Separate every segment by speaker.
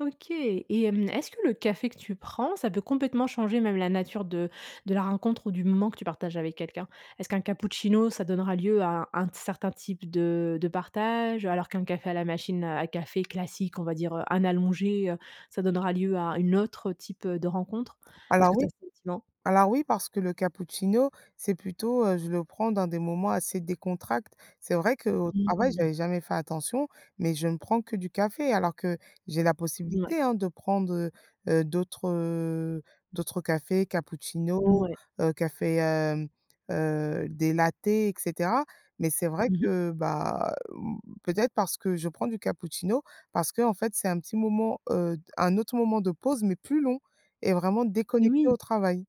Speaker 1: OK. Et hem, est-ce que le café que tu prends, ça peut complètement changer même la nature de de la rencontre ou du moment que tu partages avec quelqu'un? Est-ce qu'un cappuccino, ça donnera lieu à un un t certain type de de partage, alors qu'un café à la machine à café classique, on va dire, heu, un allongé, heu, ça donnera lieu à une autre type, heu, de rencontre? Est-ce
Speaker 2: Alors
Speaker 1: que tu
Speaker 2: oui.
Speaker 1: as ce sentiment?
Speaker 2: Alors oui parce que le cappuccino c'est plutôt, heu, je le prends dans des moments assez décontracts. C'est vrai qu'au
Speaker 1: Mmh
Speaker 2: travail
Speaker 1: mh.
Speaker 2: j'avais jamais fait attention, mais je ne prends que du café. Alors que j'ai la
Speaker 1: Ouais.
Speaker 2: possibilité, hein, de prendre, heu, heu, d'autres, heu, d'autres cafés, cappuccino,
Speaker 1: Mouais.
Speaker 2: heu, café, hem, heu, des latte et cetera. Mais c'est vrai
Speaker 1: Mmh mh.
Speaker 2: que, bah, hem, peut être parce que je prends du cappuccino parce qu'en fait c'est un petit moment, heu un autre moment de pause mais plus long et vraiment
Speaker 1: Et
Speaker 2: déconnecté au
Speaker 1: oui.
Speaker 2: travail.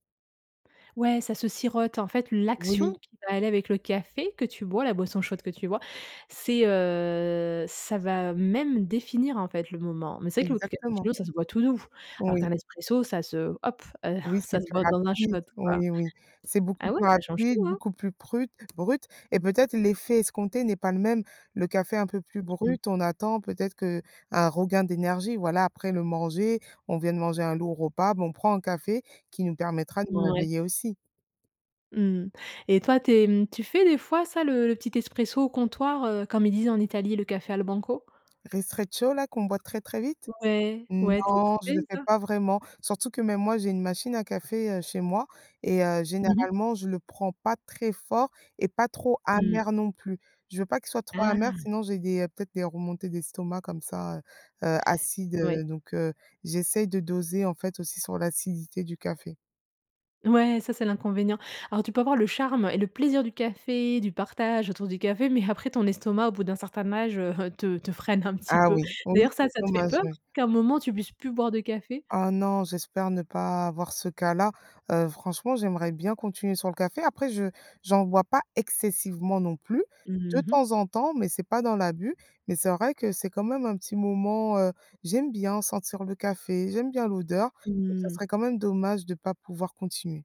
Speaker 1: Ouais ça se sirote, en fait. L'action
Speaker 2: Oui.
Speaker 1: qui va aller avec le café que tu bois, la boisson chaude que tu bois, c'est, heu, ça va même définir en fait le moment. Mais c'est vrai que le
Speaker 2: Exactement.
Speaker 1: capuccino, ça se boit tout doux, alors
Speaker 2: Oui.
Speaker 1: qu'un expresso, ça se hop. Heu,
Speaker 2: Oui c'est
Speaker 1: ça se
Speaker 2: plus
Speaker 1: boit dans un
Speaker 2: rapide,
Speaker 1: shot quoi.
Speaker 2: oui oui. C'est beaucoup
Speaker 1: Ah ouais,
Speaker 2: plus
Speaker 1: ça change
Speaker 2: rapide,
Speaker 1: tout, hein.
Speaker 2: beaucoup plus prute brut et peut-être l'effet escompté n'est pas le même. Le café un peu plus
Speaker 1: Mmh mh.
Speaker 2: brut, on attend peut-être qu'un regain d'énergie, voilà après le manger, on vient de manger un lourd repas, bon on prend un café qui nous permettra de nous
Speaker 1: Mouais.
Speaker 2: réveiller aussi.
Speaker 1: Mmh mh. Et toi tu es, mmh, tu fais des fois ça le le petit expresso au comptoir, heu, comme ils disent en Italie le café al banco?
Speaker 2: Ristretto là qu'on voit très, très vite?
Speaker 1: Ouais. Ouais, toi tu
Speaker 2: Non je
Speaker 1: fais
Speaker 2: ne le fais
Speaker 1: ça?
Speaker 2: pas vraiment, surtout que mais moi j'ai une machine à café, heu, chez moi et heu,
Speaker 1: Mmh mh.
Speaker 2: généralement je le prends pas très fort et pas trop
Speaker 1: Mmh.
Speaker 2: amer non plus. Je veux pas qu'il soit trop amer
Speaker 1: Ah.
Speaker 2: sinon j'ai des peut-être des remontées d'estomac comme ça, heu, heu, acides,
Speaker 1: Ouais.
Speaker 2: heu, donc, heu, j'essaye de doser en fait aussi sur l'acidité du café.
Speaker 1: Ouais ça c'est l'inconvénient. Alors tu peux avoir le charme et le plaisir du café, du partage autour du café, mais après ton estomac, au bout d'un certain âge, heu, te te freine un petit
Speaker 2: Ah
Speaker 1: peu.
Speaker 2: oui, oui
Speaker 1: D'ailleurs, ça
Speaker 2: c'est
Speaker 1: ça te fait
Speaker 2: dommage,
Speaker 1: peur
Speaker 2: oui.
Speaker 1: qu'à un moment tu puisses plus boire de café?
Speaker 2: Ah non j'espère ne pas avoir ce cas-là. Heu, franchement j'aimerais bien continuer sur le café. Après je j'en bois pas excessivement non plus. De
Speaker 1: Mmh mh.
Speaker 2: temps en temps mais c'est pas dans l'abus, mais c'est vrai que c'est quand même un petit moment, heu, j'aime bien sentir le café, j'aime bien l'odeur, donc ça
Speaker 1: Mmh.
Speaker 2: serait quand même dommage de pas pouvoir continuer.